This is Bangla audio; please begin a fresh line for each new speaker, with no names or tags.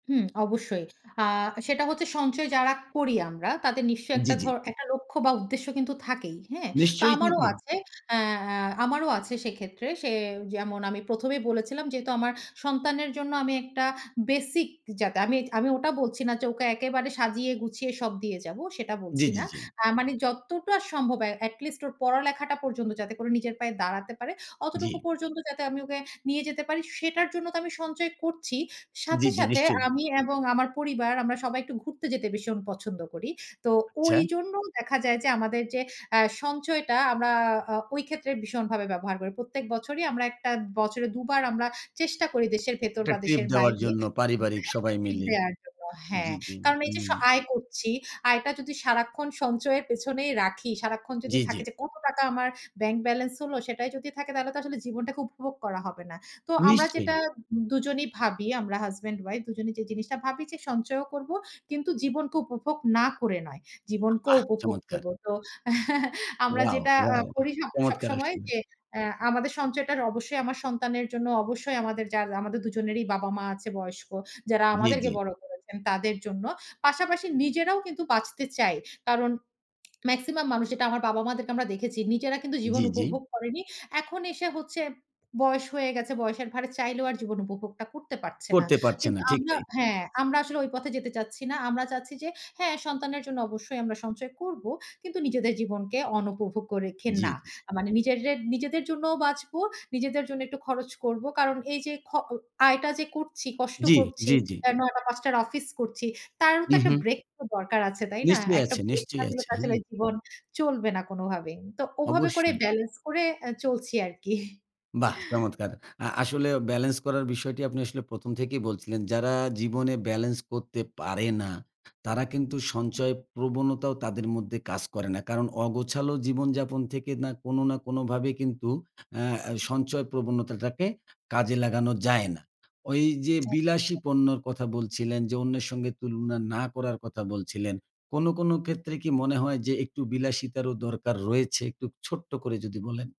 হুম, অবশ্যই। আ সেটা হচ্ছে সঞ্চয় যারা করি আমরা। তাদের নিশ্চয়ই
জ্বি,
একটা
জ্বি।
ধর একটা লক্ষ্য বা উদ্দেশ্য কিন্তু থাকেই। হ্যাঁ? তো
নিশ্চয়ই
আমারও
থাকে।
আছে এ্যা আ আমারও আছে সেক্ষেত্রে সে যেমন আমি ১ম এই বলেছিলাম। যেহেতু আমার সন্তানের জন্য আমি একটা বেসিক যাতে আমি আমি ওটা বলছি না যে ওকে একেবারে সাজিয়ে গুছিয়ে সব দিয়ে যাব। সেটা
জ্বী,
বলছি
জ্বী,
না।
জ্বী।
আ মানে যতটা সম্ভব এ্যা এট লিস্ট ওর পড়া-লেখাটা পর্যন্ত যাতে করে নিজের পায়ে দাঁড়াতে পারে।
জ্বি।
অতটুকু পর্যন্ত যাতে আমি ওকে নিয়ে যেতে পারি সেটার জন্য তো আমি সঞ্চয় করছি। সাথে,
জ্বি, জ্বি,
সাথে
নিশ্চয়ই।
আমি এবং আমার পরিবার আমরা সবাই একটু ঘুরতে যেতে ভীষণ পছন্দ করি। তো ওই
আচ্ছা।
জন্য দেখা যায় যে, আমাদের যে আ সঞ্চয়টা আমরা আ ওই ক্ষেত্রে ভীষণভাবে ব্যবহার করি। প্রত্যেক বছরই আমরা একটা বছরে দুবার আমরা চেষ্টা করি দেশের ভেতর
একটা
বা
ট্রিপ
দেশের
দেওয়ার
বাইরে
জন্য পারিবারিক সবাই
[unintelligible]
মিলে।
দেয়ার জন্য। হ্যাঁ।
জ্বি, জ্বি,
কারণ এই
হু।
যে স আয় করছি, আয়টা যদি সারাক্ষন সঞ্চয়ের পেছনেই রাখি, সারাক্ষন যদি
জ্বি,
থাকে
জ্বি।
যে, কত টাকা আমার ব্যাংক ব্যালেন্স হলো, সেটাই যদি থাকে তাহলে তো আসলে জীবনটাকে উপভোগ করা হবে না। তো আমরা
নিশ্চয়ই।
যেটা দুজনই ভাবি, আমরা হাসব্যান্ড ওয়াইফ দুজনেই যে জিনিসটা ভাবি যে সঞ্চয়ও করবো। কিন্তু জীবনকে উপভোগ না করে নয়। জীবনকেও
[unintelligible]
উপভোগ
চমৎকার।
করব। তো আমরা
ওয়াও,
যেটা আ
ওয়াও,
করি
চমৎকারের
সবসময়
আসলে।
যে এ্যা আমাদের সঞ্চয়টা অবশ্যই আমার সন্তানের জন্য অবশ্যই আমাদের যা দুজনেরই বাবা-মা আছে বয়স্ক যারা
জ্বী,
আমাদেরকে
জ্বী।
বড় করেছেন তাদের জন্য। পাশাপাশি নিজেরাও কিন্তু বাঁচতে চাই। কারণ মেক্সিমাম মানুষ যেটা আমার বাবা-মা দেরকে আমরা দেখেছি। নিজেরা কিন্তু জীবন
জ্বি, জ্বি।
উপভোগ করেনি। এখন এসে হচ্ছে বয়স হয়ে গেছে, বয়সের ভারে চাইলেও আর জীবন উপভোগটা করতে পারছে না।
করতে পারছে
কিন্তু
না, ঠিক
আমরা
তাই।
হ্যাঁ, আমরা আসলে ঐ পথে যেতে চাচ্ছি না। আমরা চাচ্ছি যে, হ্যাঁ, সন্তানের জন্য অবশ্যই আমরা সঞ্চয় করব। কিন্তু নিজেদের জীবনকে অনুপভোগ্য রেখে
জি,
না।
জি।
আ মানে নিজেরে নিজেদের জন্যও বাঁচবো, নিজেদের জন্য একটু খরচ করব। কারণ এইযে, খ ও আয়টা যে করছি, কষ্ট
জ্বি,
করছি,
জ্বি, জ্বি।
৯ টা ৫ টার অফিস করছি, তারও তো
হু,
একটা
হু।
ব্রেক তো দরকার আছে, তাই না?
নিশ্চয়ই
একটা
আছে,
ব্রেক না
নিশ্চয়ই
দিলে
আছে।
আসলে
হ্যাঁ।
জীবন চলবে না কোনোভাবেই। তো ওভাবে করে
অবশ্যই।
ব্যালেন্স করে আ চলছি আরকি।
বাহ! চমৎকার। আ আসলে ব্যালেন্স করার বিষয়টি আপনি আসলে ১ম থেকেই বলছিলেন। যারা জীবনে ব্যালেন্স করতে পারে না, তারা কিন্তু সঞ্চয় প্রবণতাও তাদের মধ্যে কাজ করে না। কারণ অগোছালো জীবনযাপন থেকে না কোনো না কোনোভাবে কিন্তু অ্যা সঞ্চয় প্রবণতাটাকে কাজে লাগানো যায় না। ওইযে
একদমই
বিলাসী
তাই।
পণ্যের কথা বলছিলেন, যে অন্যের সঙ্গে তুলনা না করার কথা বলছিলেন। কোনো, কোনো ক্ষেত্রে কি মনে হয় যে, একটু বিলাসিতারও দরকার রয়েছে একটু ছোট্ট করে যদি বলেন?